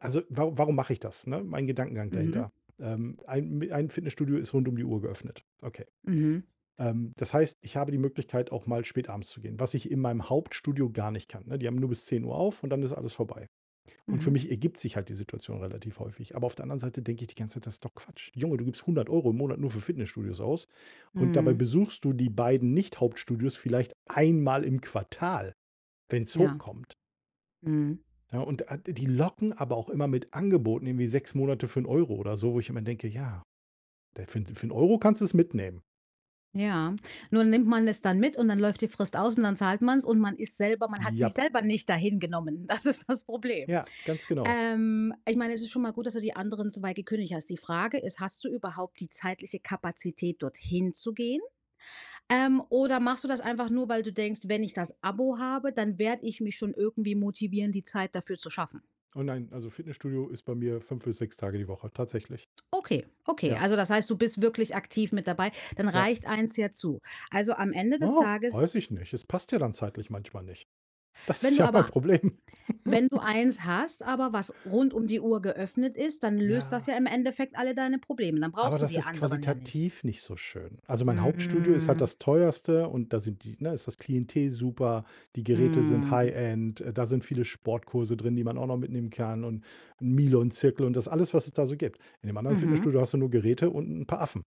Also, waru warum mache ich das, ne? Mein Gedankengang Mhm. dahinter, ähm, ein m ein Fitnessstudio ist rund um die Uhr geöffnet. Okay. Mhm. Ähm, das heißt, ich habe die Möglichkeit, auch mal spät abends zu gehen, was ich in meinem Hauptstudio gar nicht kann, ne? Die haben nur bis 10:00 auf und dann ist alles vorbei. Und für Mhm. mich ergibt sich halt die Situation relativ häufig. Aber auf der anderen Seite denke ich die ganze Zeit: „Das ist doch Quatsch. Junge, du gibst 100 € im Monat nur für Fitnessstudios aus und dabei Mhm. besuchst du die beiden Nicht-Hauptstudios vielleicht einmal im Quartal, wenn's hoch Ja. kommt.“ Mhm. Ne? Und, äh, d die locken aber auch immer mit Angeboten, irgendwie 6 Monate für 1 € oder so, wo ich immer denke: „Ja, d äh, für für 1 € kannst du’s mitnehmen.“ Ja. Nun nimmt man es dann mit und dann läuft die Frist aus und dann zahlt man's und man ist selber man hat sich Jap. selber nicht da hingenommen. Das ist das Problem. Ja, ganz genau. Ähm, ich meine, es ist schon mal gut, dass du die anderen 2 gekündigt hast. Die Frage ist, hast du überhaupt die zeitliche Kapazität, dorthin zu gehen? Ähm, oder machst du das einfach nur, weil du denkst: „Wenn ich das Abo habe, dann werde ich mich schon irgendwie motivieren, die Zeit dafür zu schaffen.“? Oh nein, also, Fitnessstudio ist bei mir 5 bis 6 Tage die Woche, tatsächlich. Okay, okay. Ja. Also das heißt, du bist wirklich aktiv mit dabei, dann Ja. reicht eins ja zu. Also, am Ende des Tages weiß ich nicht. Es passt ja dann zeitlich manchmal nicht. Das Wenn ist du ja mein aber Problem. wenn du eins hast, aber, was rund um die Uhr geöffnet ist, dann löst das Ja. ja im Endeffekt alle deine Probleme. Dann Aber brauchst du das die ist anderen ja nicht? qualitativ nicht so schön. Also, mein Hauptstudio ist halt Mhm. das teuerste und da sind die ne, ist das Klientel super. Die Geräte sind Mhm. High End. Äh, da sind viele Sportkurse drin, die man auch noch mitnehmen kann und ’n Milon-Zirkel und das alles, was es da so gibt. In dem anderen Mhm. Fitnessstudio hast du nur Geräte und 'n paar Affen.